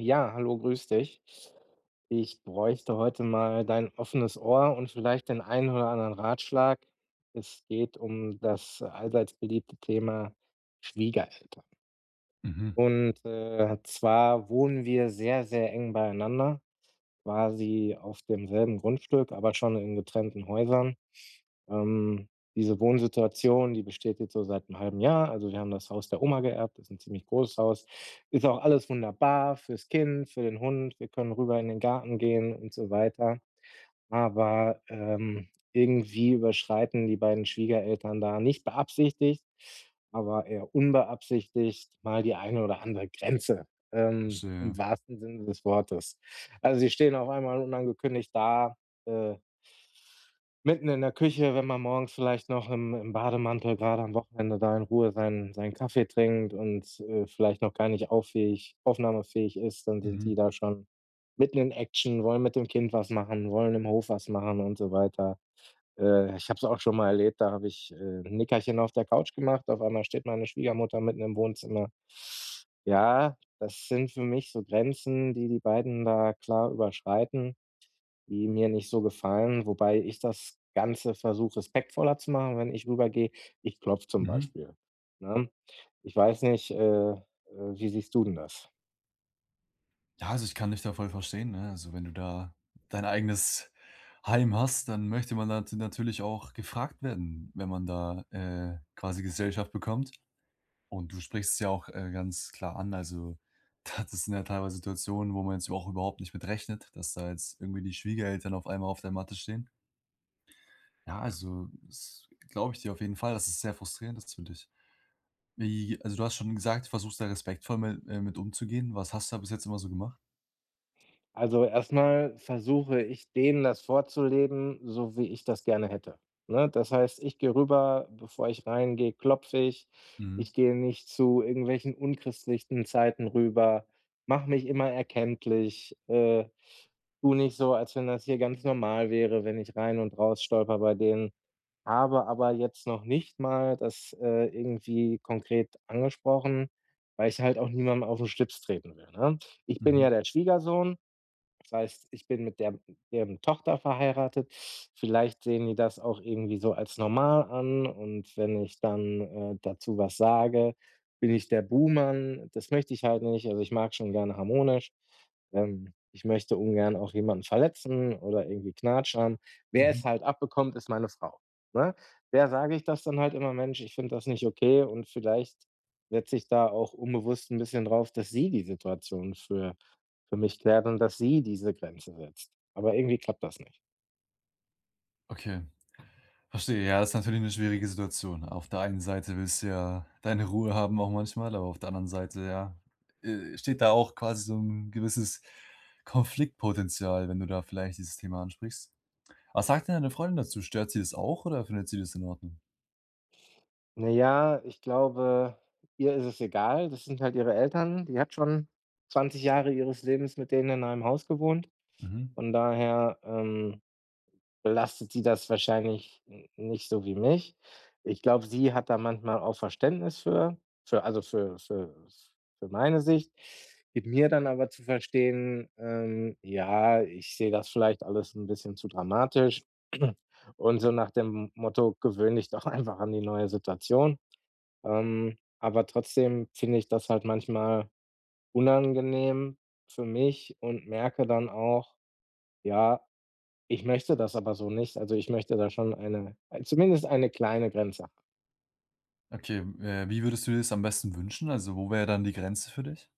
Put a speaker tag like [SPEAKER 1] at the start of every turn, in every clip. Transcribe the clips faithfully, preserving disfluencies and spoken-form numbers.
[SPEAKER 1] Ja, hallo, grüß dich. Ich bräuchte heute mal dein offenes Ohr und vielleicht den einen oder anderen Ratschlag. Es geht um das allseits beliebte Thema Schwiegereltern.
[SPEAKER 2] Mhm.
[SPEAKER 1] Und, äh, zwar wohnen wir sehr, sehr eng beieinander, quasi auf demselben Grundstück, aber schon in getrennten Häusern. Ähm, diese Wohnsituation, die besteht jetzt so seit 'nem halben Jahr. Also, wir haben das Haus der Oma geerbt, ist 'n ziemlich großes Haus. Ist auch alles wunderbar fürs Kind, für den Hund. Wir können rüber in den Garten gehen und so weiter. Aber, ähm, irgendwie überschreiten die beiden Schwiegereltern da, nicht beabsichtigt, aber eher unbeabsichtigt mal die eine oder andere Grenze,
[SPEAKER 2] Ach
[SPEAKER 1] ähm,
[SPEAKER 2] so,
[SPEAKER 1] im
[SPEAKER 2] ja.
[SPEAKER 1] wahrsten Sinne des Wortes. Also, sie stehen auf einmal unangekündigt da, äh mitten in der Küche, wenn man morgens vielleicht noch im im Bademantel, grade am Wochenende, da in Ruhe seinen seinen Kaffee trinkt und, äh, vielleicht noch gar nicht auf fähig aufnahmefähig ist, dann sind die
[SPEAKER 2] Mhm.
[SPEAKER 1] da schon mitten in Action, wollen mit dem Kind was machen, wollen im Hof was machen und so weiter. Äh, ich habe es auch schon mal erlebt, da habe ich, äh, 'n Nickerchen auf der Couch gemacht. Auf einmal steht meine Schwiegermutter mitten im Wohnzimmer. Ja, das sind für mich so Grenzen, die die beiden da klar überschreiten, die mir nicht so gefallen, wobei ich das ganze versuche respektvoller zu machen. Wenn ich rüber gehe, ich klopfe zum
[SPEAKER 2] Mhm.
[SPEAKER 1] Beispiel, ne? Ich weiß nicht, äh, äh, wie siehst du denn das?
[SPEAKER 2] Ja, also, ich kann dich da voll verstehen, ne? Also, wenn du da dein eigenes Heim hast, dann möchte man da nat natürlich auch gefragt werden, wenn man da, äh, quasi Gesellschaft bekommt. Und du sprichst es ja auch, äh, ganz klar an. also, da das sind ja teilweise Situationen, wo man jetzt überhau überhaupt nicht mit rechnet, dass da jetzt irgendwie die Schwiegereltern auf einmal auf der Matte stehen. Ja, also, das glaube ich dir auf jeden Fall, dass das sehr frustrierend ist für dich. Wie also, du hast schon gesagt, du versuchst da respektvoll mit äh, mit umzugehen. Was hast du da bis jetzt immer so gemacht?
[SPEAKER 1] Also, erst mal versuche ich denen das vorzuleben, so wie ich das gerne hätte, ne? Das heißt, ich gehe rüber, bevor ich reingehe klopfe ich.
[SPEAKER 2] Mhm.
[SPEAKER 1] Ich gehe nicht zu irgendwelchen unchristlichen Zeiten rüber. Mache mich immer erkenntlich. Äh, tue nicht so, als wenn das hier ganz normal wäre, wenn ich rein und raus stolpere bei denen. Habe aber jetzt noch nicht mal das, äh, irgendwie konkret angesprochen, weil ich halt auch niemandem auf den Schlips treten will, ne? Ich bin
[SPEAKER 2] Mhm.
[SPEAKER 1] ja der Schwiegersohn, das heißt, ich bin mit der mit deren Tochter verheiratet. Vielleicht sehen die das auch irgendwie so als normal an und wenn ich dann, äh, dazu was sage, bin ich der Buhmann. Das möchte ich halt nicht. Also, ich mag's schon gerne harmonisch. Ähm, ich möchte ungern auch jemanden verletzen oder irgendwie knatschern. Wer es
[SPEAKER 2] Mhm.
[SPEAKER 1] halt abbekommt, ist meine Frau, ne? Der sage ich das dann halt immer: „Mensch, ich finde das nicht okay.“ Und vielleicht setze ich da auch unbewusst 'n bisschen drauf, dass sie die Situation für für mich klärt und dass sie diese Grenzen setzt. Aber irgendwie klappt das nicht.
[SPEAKER 2] Okay verstehe, ja, ist natürlich 'ne schwierige Situation. Auf der einen Seite, willst du ja deine Ruhe haben auch manchmal, aber auf der anderen Seite, ja, äh, steht da auch quasi so 'n gewisses Konfliktpotenzial, wenn du da vielleicht dieses Thema ansprichst. Was sagt denn deine Freundin dazu? Stört sie das auch, oder findet sie das in Ordnung?
[SPEAKER 1] Na ja, ich glaube, ihr ist es egal. Das sind halt ihre Eltern, die hat schon, Zwanzig Jahre ihres Lebens mit denen in einem Haus gewohnt.
[SPEAKER 2] Mhm.
[SPEAKER 1] Von daher, ähm, belastet sie das wahrscheinlich, n nicht so wie mich. Ich glaube, sie hat da manchmal auch Verständnis für also für für für meine Sicht, gibt mir dann aber zu verstehen, ähm, ja, ich sehe das vielleicht alles 'n bisschen zu dramatisch und so nach dem Motto: „Gewöhn dich doch einfach an die neue Situation.“ Ähm, aber trotzdem, finde ich das halt manchmal unangenehm für mich und merke dann auch, ja, ich möchte das aber so nicht. Also, ich möchte da schon eine ei zumindest eine kleine Grenze.
[SPEAKER 2] Okay, äh, wie würdest du dir das am besten wünschen? Also, wo wär dann die Grenze für dich?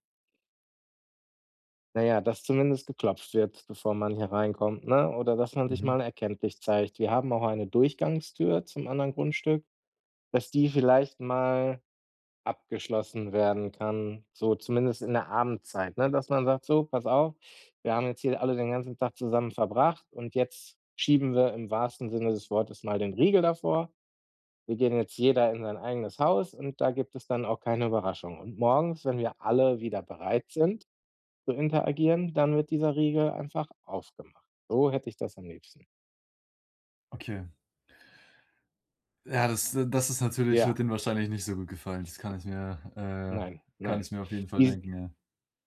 [SPEAKER 1] Na ja, dass zumindest geklopft wird, bevor man hier reinkommt, ne? Oder dass man sich
[SPEAKER 2] Mhm.
[SPEAKER 1] mal erkenntlich zeigt. Wir haben auch eine Durchgangstür zum anderen Grundstück, dass die vielleicht mal abgeschlossen werden kann, so zumindest in der Abendzeit, ne? Dass man sagt: „So, pass auf, wir haben jetzt hier alle den ganzen Tag zusammen verbracht und jetzt schieben wir im wahrsten Sinne des Wortes mal den Riegel davor. Wir gehen jetzt jeder in sein eigenes Haus und da gibt es dann auch keine Überraschung. Und morgens, wenn wir alle wieder bereit sind zu interagieren, dann wird dieser Riegel einfach aufgemacht.“ So hätte ich das am liebsten.
[SPEAKER 2] Okay. Ja, das, äh das ist natürlich wird
[SPEAKER 1] Ja.
[SPEAKER 2] ihnen wahrscheinlich nicht so gut gefallen. Das kann ich mir, äh
[SPEAKER 1] Nein,
[SPEAKER 2] kann
[SPEAKER 1] nein.
[SPEAKER 2] ich mir auf jeden Fall
[SPEAKER 1] Diesen
[SPEAKER 2] denken, ja.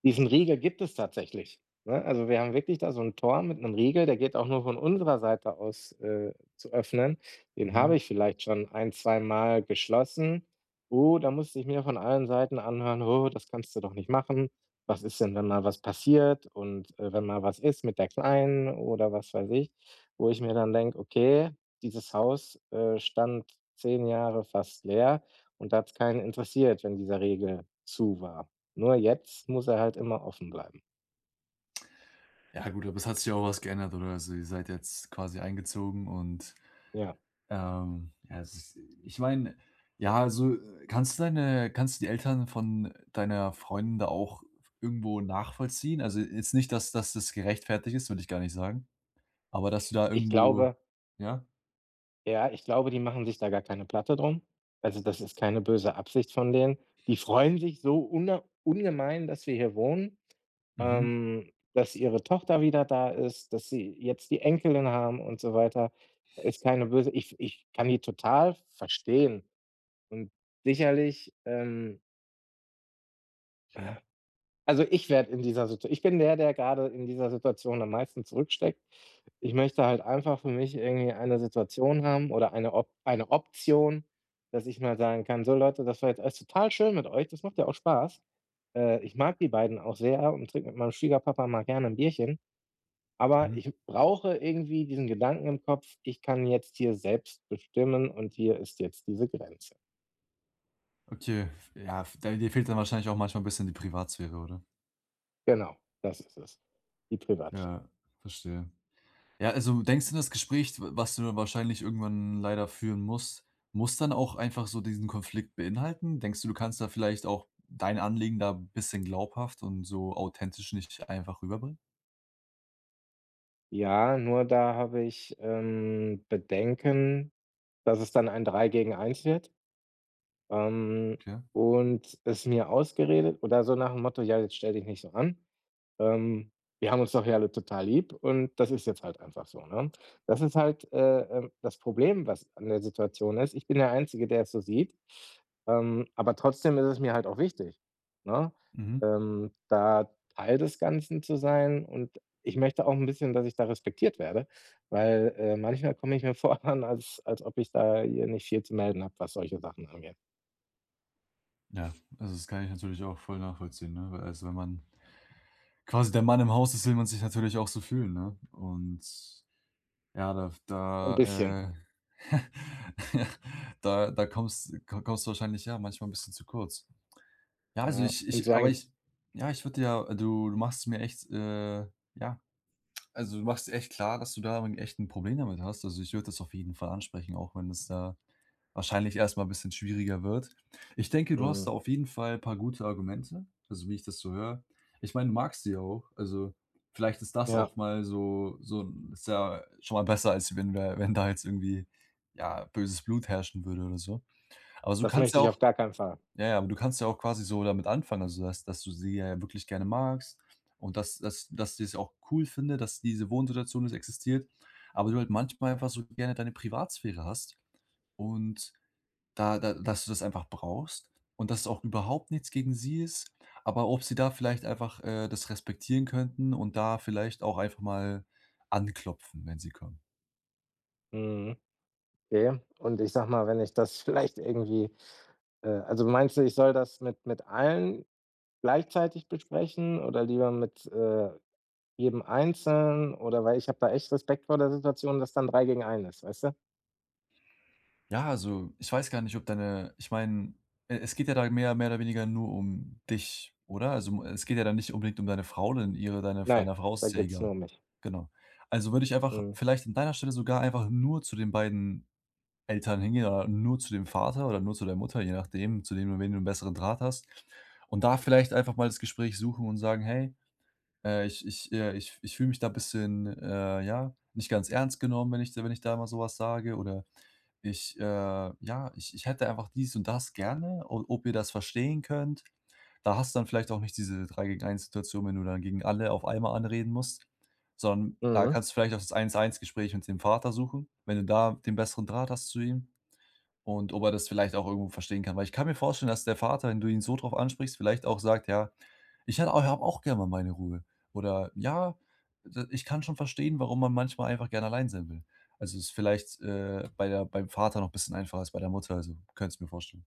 [SPEAKER 1] diesen Riegel gibt es tatsächlich, ne? Also, wir haben wirklich da so 'n Tor mit 'nem Riegel, der geht auch nur von unserer Seite aus, äh, zu öffnen. Den
[SPEAKER 2] Mhm.
[SPEAKER 1] habe ich vielleicht schon ein zweimal geschlossen. Oh, da musste ich mir von allen Seiten anhören: „Oh, das kannst du doch nicht machen. Was ist denn, wenn mal was passiert und, äh, wenn mal was ist mit der Kleinen“ oder was weiß ich. Wo ich mir dann denke: „Okay, dieses Haus, äh, stand zehn Jahre fast leer und da hat's keinen interessiert, wenn dieser Regel zu war. Nur jetzt muss er halt immer offen bleiben.“
[SPEAKER 2] Ja, gut, aber es hat sich auch was geändert oder so. Ihr seid jetzt quasi eingezogen und,
[SPEAKER 1] Ja.
[SPEAKER 2] ähm, ja, es ist ich meine, ja, also, kannst du deine kannst du die Eltern von deiner Freundin da auch irgendwo nachvollziehen? Also, jetzt nicht, dass dass das gerechtfertigt ist, will ich gar nicht sagen, aber dass du da
[SPEAKER 1] Ich
[SPEAKER 2] irgendwo
[SPEAKER 1] glaube
[SPEAKER 2] ja?
[SPEAKER 1] ja, ich glaube, die machen sich da gar keine Platte darum. Also, das ist keine böse Absicht von denen. Die freuen sich so una ungemein, dass wir hier wohnen,
[SPEAKER 2] Mhm.
[SPEAKER 1] ähm, dass ihre Tochter wieder da ist, dass sie jetzt die Enkelin haben und so weiter. Ist keine böse ich ich kann die total verstehen und sicherlich, ähm
[SPEAKER 2] [unintelligible]
[SPEAKER 1] Also, ich werde in dieser Situa ich bin der, der gerade in dieser Situation am meisten zurücksteckt. Ich möchte halt einfach für mich irgendwie eine Situation haben oder eine Op eine Option, dass ich mal sagen kann: „So Leute, das war jetzt alles total schön mit euch. Das macht ja auch Spaß.“ Äh, ich mag die beiden auch sehr und trinke mit meinem Schwiegerpapa mal gerne 'n Bierchen, aber
[SPEAKER 2] Mhm.
[SPEAKER 1] ich brauche irgendwie diesen Gedanken im Kopf: „Ich kann jetzt hier selbst bestimmen und hier ist jetzt diese Grenze.“
[SPEAKER 2] Okay, ja f da dir fehlt dann wahrscheinlich auch manchmal 'n bisschen die Privatsphäre, oder?
[SPEAKER 1] Genau, das ist es, die Privatsphäre.
[SPEAKER 2] Ja, verstehe. Ja, also, denkst du das Gespräch, d was du wahrscheinlich irgendwann leider führen musst, muss dann auch einfach so diesen Konflikt beinhalten? Denkst du, du kannst da vielleicht auch dein Anliegen da bisschen glaubhaft und so authentisch nicht einfach rüberbringen?
[SPEAKER 1] Ja, nur da habe ich, ähm, Bedenken, dass es dann ein drei gegen eins wird ähm,
[SPEAKER 2] Ja.
[SPEAKER 1] und es mir ausgeredet oder so nach'm Motto: „Ja, jetzt stell dich nicht so an. Ähm, wir haben uns doch ja alle total lieb und das ist jetzt halt einfach so“, ne? Das ist halt, äh, ähm das Problem, was an der Situation ist: ich bin der Einzige, der es so sieht, ähm, aber trotzdem ist es mir halt auch wichtig, ne,
[SPEAKER 2] Mhm.
[SPEAKER 1] ähm, da Teil des Ganzen zu sein und ich möchte auch 'n bisschen, dass ich da respektiert werde. Weil, äh, manchmal komme ich mir vor dann, als als ob ich da hier nicht viel zu melden habe, was solche Sachen angeht.
[SPEAKER 2] Ja, also, das kann ich natürlich auch voll nachvollziehen, ne? Also, wenn man quasi der Mann im Haus ist, will man sich natürlich auch so fühlen, ne? Und, ja, da f
[SPEAKER 1] 'N
[SPEAKER 2] da,
[SPEAKER 1] bisschen.
[SPEAKER 2] äh da da komms ko kommst du wahrscheinlich ja manchmal 'n bisschen zu kurz. Ja, also,
[SPEAKER 1] Ja.
[SPEAKER 2] ich
[SPEAKER 1] Und so
[SPEAKER 2] ich aber
[SPEAKER 1] ein
[SPEAKER 2] ich ja, ich würde ja du du machst es mir echt, äh, ja also, du machst echt klar, dass du da 'n echt 'n Problem damit hast. Also, ich würde das auf jeden Fall ansprechen, auch wenn es, äh, wahrscheinlich erst mal 'n bisschen schwieriger wird. Ich denke, du hast da
[SPEAKER 1] Mhm.
[SPEAKER 2] auf jeden Fall paar gute Argumente, also, wie ich das so höre. Ich meine, du magst sie ja auch, also, vielleicht ist das
[SPEAKER 1] Ja.
[SPEAKER 2] auch mal so so 'n ist ja schon mal besser, als wenn du da wenn da jetzt irgendwie, ja, böses Blut herrschen würde oder so. Aber su
[SPEAKER 1] Das
[SPEAKER 2] kannst
[SPEAKER 1] möchte
[SPEAKER 2] ja
[SPEAKER 1] ich
[SPEAKER 2] auch
[SPEAKER 1] auf gar keinen Fall.
[SPEAKER 2] ja, ja, aber du kannst ja auch quasi so damit anfangen. Also, dass dass du sie ja wirklich gerne magst und dass dass dass du es auch cool finde, dass diese Wohnsituation es existiert, aber du halt manchmal einfach so gerne deine Privatsphäre hast und da da dass du das einfach brauchst. Und dass es auch überhaupt nichts gegen sie ist, aber ob sie da vielleicht einfach, äh, das respektieren könnten und da vielleicht auch einfach mal anklopfen, wenn sie kommen.
[SPEAKER 1] Mhm, okay. Und, ich sage mal, wenn ich das vielleicht irgendwie, äh also, meinst du, ich soll das mit mit allen gleichzeitig besprechen oder lieber mit, äh, jedem einzeln oder weil ich habe da echt Respekt vor der Situation, dass dann drei gegen einen ist, weißt du?
[SPEAKER 2] Ja, also, ich weiß gar nicht, ob deine ich meine, e es geht ja da mehr mehr oder weniger nur um dich, oder? Also, um es geht ja dann nicht unbedingt um deine Frau und ihre deine
[SPEAKER 1] Nein,
[SPEAKER 2] deiner Frau, ist
[SPEAKER 1] da
[SPEAKER 2] es ja
[SPEAKER 1] geht es
[SPEAKER 2] egal.
[SPEAKER 1] nur um mich.
[SPEAKER 2] Genau. Also, würde ich einfach
[SPEAKER 1] Mhm.
[SPEAKER 2] vielleicht an deiner Stelle sogar einfach nur zu den beiden Eltern hingehen oder nur zu dem Vater oder nur zu der Mutter, je nachdem, zu wem du wen du 'n besseren Draht hast. Und da vielleicht einfach mal das Gespräch suchen und sagen: „Hey, äh, ich ich, äh ich ich fühle mich da bisschen, äh, ja, nicht ganz ernst genommen, wenn ich dir wenn ich da mal so was sage.” Oder: „Ich, äh, ja ich ich hätte einfach dies und das gerne, o ob ihr das verstehen könnt.“ Da hast du dann vielleicht auch nicht diese drei gegen eins Situation, wenn du dann gegen alle auf einmal anreden musst. Sondern da
[SPEAKER 1] Mhm.
[SPEAKER 2] kannst du vielleicht auch das eins eins Gespräch mit dem Vater suchen. Wenn du da den besseren Draht hast zu ihm und ob er das vielleicht auch irgendwo verstehen kann. Weil ich kann mir vorstellen, dass der Vater, wenn du ihn so drauf ansprichst, vielleicht auch sagt: „Ja, ich hät habe auch gerne mal meine Ruhe.“ Oder: „Ja, d ich kann schon verstehen, warum man manchmal einfach gern allein sein will.“ Also, ist vielleicht, äh, bei der beim Vater noch bisschen einfacher als bei der Mutter, also, könnte es mir vorstellen.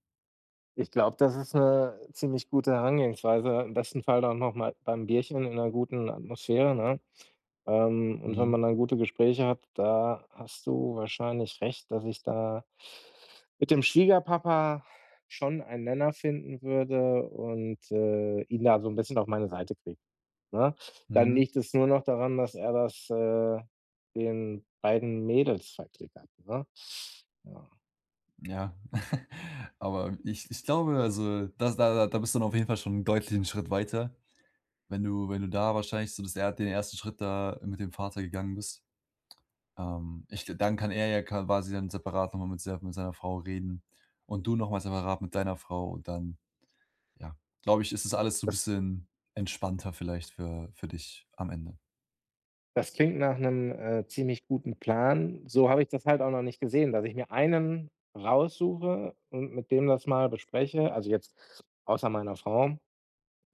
[SPEAKER 1] Ich glaube, das ist 'ne ziemlich gute Herangehensweise, im besten Fall dann noch mal beim Bierchen in 'ner guten Atmosphäre, ne? Ähm, und wenn
[SPEAKER 2] Mhm.
[SPEAKER 1] man dann gute Gespräche hat, da hast du wahrscheinlich recht, dass ich da mit dem Schwiegerpapa schon einen Nenner finden würde und, äh, ihn da so 'n bisschen auf meine Seite kriege, ne? Dann
[SPEAKER 2] Mhm.
[SPEAKER 1] liegt es nur noch daran, dass er das, äh, den beiden Mädels verklickert, ne? Ja.
[SPEAKER 2] Ja, aber ich ich glaube, also, das da da bist du dann auf jeden Fall schon deutlich 'n Schritt weiter, wenn du wenn du da wahrscheinlich so das er den ersten Schritt da mit dem Vater gegangen bist. Ähm, ich dann kann er ja kawasi dann separat noch mal mit ser mit seiner Frau reden und du noch mal separat mit deiner Frau. Und dann, ja, glaube ich, ist das alles so 'n
[SPEAKER 1] Das
[SPEAKER 2] bisschen entspannter vielleicht für für dich am Ende.
[SPEAKER 1] Das klingt nach 'nem, äh, ziemlich guten Plan. So habe ich das halt auch noch nicht gesehen, dass ich mir einen raussuche und mit dem das mal bespreche, also, jetzt außer meiner Frau,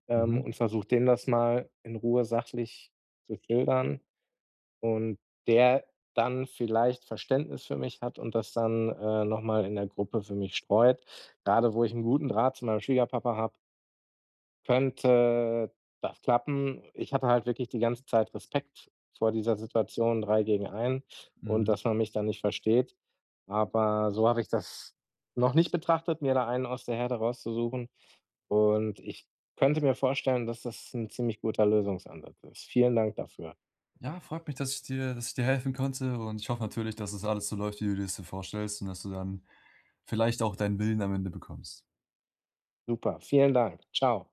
[SPEAKER 1] ähm,
[SPEAKER 2] Mhm.
[SPEAKER 1] und versuche dem das mal in Ruhe sachlich zu schildern und der dann vielleicht Verständnis für mich hat und das dann, äh, noch mal in der Gruppe für mich streut. Grade wo ich 'n guten Draht zu meinem Schwiegerpapa habe könnte das klappen. Ich hatte halt wirklich die ganze Zeit Respekt vor dieser Situation drei gegen einen und
[SPEAKER 2] Mhm.
[SPEAKER 1] dass man mich dann nicht versteht. Aber so habe ich das noch nicht betrachtet, mir da einen aus der Herde rauszusuchen. Und ich könnte mir vorstellen, dass das 'n ziemlich guter Lösungsansatz ist. Vielen Dank dafür.
[SPEAKER 2] Ja, freut mich, dass ich dir dass ich dir helfen konnte. Und ich hoffe natürlich, dass es alles so läuft, wie du dir's so vorstellst und dass du dann vielleicht auch dein Willen am Ende bekommst.
[SPEAKER 1] Super. Vielen Dank. Tschau.